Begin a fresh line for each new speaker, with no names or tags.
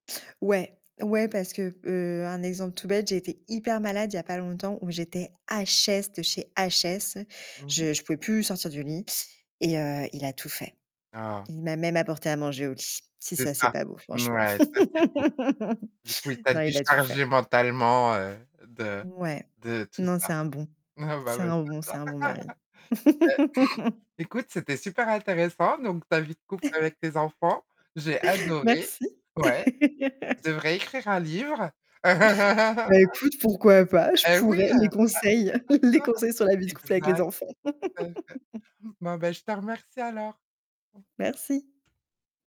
Ouais! Ouais, parce que, heu, un exemple tout bête, j'ai été hyper malade il y a pas longtemps où j'étais HS de chez HS.
Mmh mh.
Je je pouvais plus sortir du lit et, heu, il a tout fait.
Ah!
Il m'a même apporté à manger au lit. Si
C'est
ça, c'est
ça.
pas beau franchement.
Mouais, ça c'est beau. Du coup, il t'a
Non, il a tout fait.
déchargé mentalement, heu, de
Ouais.
de tout
Non,
ça.
c'est un bon.
Ah bah
C'est
ouais,
un bon
c'est
c'est
ça.
un bon mari.
Bah, écoute, c'était super intéressant, donc ta vie de couple avec tes enfants. J'ai adoré.
Merci.
Ouais. Tu devrais écrire un livre.
Bah, écoute, pourquoi pas. Je
Et,
pourrais.
oui,
Les
heu
conseils les conseils sur la vie de couple avec les
Exactement.
enfants.
Bon, bah, je te remercie alors.
Merci.